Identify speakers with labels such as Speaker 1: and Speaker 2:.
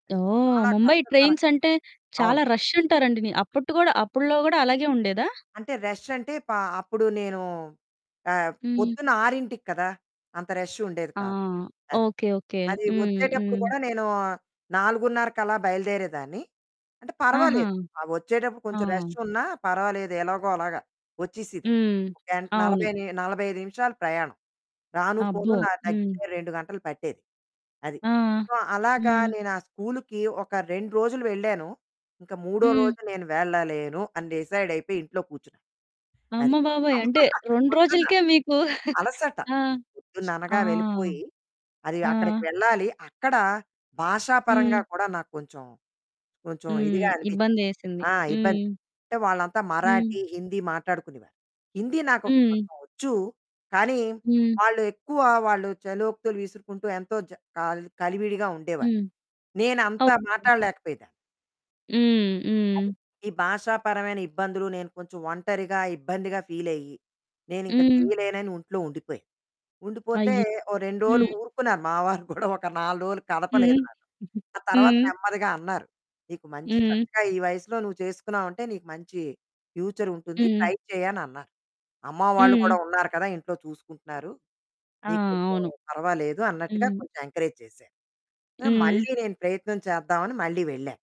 Speaker 1: అది
Speaker 2: ఓహ్!
Speaker 1: చాలా
Speaker 2: ముంబై
Speaker 1: కష్టతరం
Speaker 2: ట్రైన్స్ అంటే,
Speaker 1: అవును.
Speaker 2: చాలా రషంటారండి. నీ అప్పుట్టు కూడా అప్పట్లో కూడా అలాగే ఉండేదా?
Speaker 1: అంటే రష్ అంటే, ప అప్పుడు నేను ఆహ్,
Speaker 2: హ్మ్.
Speaker 1: పొద్దున్న 6కి కదా! అంత రష్ ఉండేది
Speaker 2: ఆ!
Speaker 1: కాదు. అది.
Speaker 2: ఓకే. ఓకే.
Speaker 1: అది
Speaker 2: హ్మ్.
Speaker 1: వచ్చేటప్పుడు
Speaker 2: హ్మ్.
Speaker 1: కూడా నేను 4:30 కలా బయలుదేరేదాన్ని అంటే,
Speaker 2: ఆహా!
Speaker 1: పర్వాలేదు ఒచ్చేటప్పుడు కొంచెం
Speaker 2: ఆ!
Speaker 1: రషున్నా పర్వాలేదు. ఎలాగో అలాగా ఒచ్చేసిదాన్ని.
Speaker 2: హ్మ్.
Speaker 1: ఒక గంట్
Speaker 2: అవును.
Speaker 1: 40, 45 నిమిషాలు ప్రయాణం రాను, పోను.
Speaker 2: అబ్బో!
Speaker 1: నాకు
Speaker 2: హ్మ్.
Speaker 1: దగ్గిర‌గా 2 గంటలు పట్టేది అది.
Speaker 2: ఆ!
Speaker 1: సో, అలాగా
Speaker 2: హ్మ్.
Speaker 1: నేను ఆ స్కూల్‌కి ఒక 2 రోజులు వెళ్ళాను. ఇంక మూడో
Speaker 2: హ్మ్.
Speaker 1: రోజు నేను వెళ్ళలేను అని డిసైడయిపోయి ఇంట్లో కూర్చున్నాను.
Speaker 2: అమ్మ
Speaker 1: అది.
Speaker 2: బాబోయ్!
Speaker 1: అమ్మా!
Speaker 2: అంటే
Speaker 1: అది
Speaker 2: 2
Speaker 1: పొద్దున్న
Speaker 2: రోజులకే మీకు
Speaker 1: అలసట
Speaker 2: ఆ! ఆ!
Speaker 1: పొద్దున్ననగా వెళ్ళిపోయి. అది
Speaker 2: ఆ!
Speaker 1: అక్కడికి వెళ్ళాలి, అక్కడ భాషా పరంగా
Speaker 2: హ్మ్.
Speaker 1: కూడా నాకు కొంచెం, కొంచెం
Speaker 2: హ్మ్.
Speaker 1: ఇదిగా అనిపించింది.
Speaker 2: ఇబ్బందేసింది.
Speaker 1: ఆ! ఇబ్బంది.
Speaker 2: హ్మ్.
Speaker 1: అంటే వాళ్ళంతా
Speaker 2: హ్మ్.
Speaker 1: మరాఠీ, హిందీ మాట్లాడుకునేవారు. హిందీ నాకు
Speaker 2: హ్మ్.
Speaker 1: కొంచెం వొచ్చు కానీ,
Speaker 2: హ్మ్.
Speaker 1: వాళ్ళు ఎక్కువ వాళ్ళు చలోక్తులు విసురుకుంటూ ఎంతో చ క కలివిడిగా ఉండేవారు.
Speaker 2: హ్మ్.
Speaker 1: నేను అంతా
Speaker 2: ఓకే.
Speaker 1: మాట్లాడలేకపోయేదాన్ని.
Speaker 2: హ్మ్. హ్మ్.
Speaker 1: అది. ఈ భాషాపరమైన ఇబ్బందులు, నేను కొంచెం ఒంటరిగా, ఇబ్బందిగా, ఫీలయ్యి, నేనింక
Speaker 2: హ్మ్.
Speaker 1: చేయలేనని ఇంట్లో ఉండిపోయాను. ఉండిపోతే
Speaker 2: అయ్యి
Speaker 1: ఓ 2 రోజులు
Speaker 2: హ్మ్.
Speaker 1: ఊరుకున్నారు మా వారు కూడా ఒక 4 రోజులు కదపలేదు
Speaker 2: హ్మ్.
Speaker 1: నన్ను. ఆ తర్వాత
Speaker 2: హ్మ్.
Speaker 1: నెమ్మదిగా అన్నారు, "నీకు మంచి
Speaker 2: హ్మ్.
Speaker 1: చక్కగా ఈ వయసులో నువ్వు చేసుకున్నావంటే, నీకు మంచి ఫ్యూచర్ ఉంటుంది,
Speaker 2: హ్మ్.
Speaker 1: ట్రై చెయ్యి" అనన్నారు. "అమ్మ వాళ్ళు
Speaker 2: హ్మ్.
Speaker 1: కూడా ఉన్నారు కదా! ఇంట్లో చూసుకుంటున్నారు
Speaker 2: ఆ!
Speaker 1: నీకు కొంచెం
Speaker 2: అవును.
Speaker 1: పర్వాలేదు" అన్నట్టుగా
Speaker 2: హ్మ్.
Speaker 1: కొంచెం ఎంకరేజ్ చేశారు.
Speaker 2: హ్మ్.
Speaker 1: మళ్ళీ నేను ప్రయత్నం చేద్దామని మళ్ళీ వెళ్ళాను.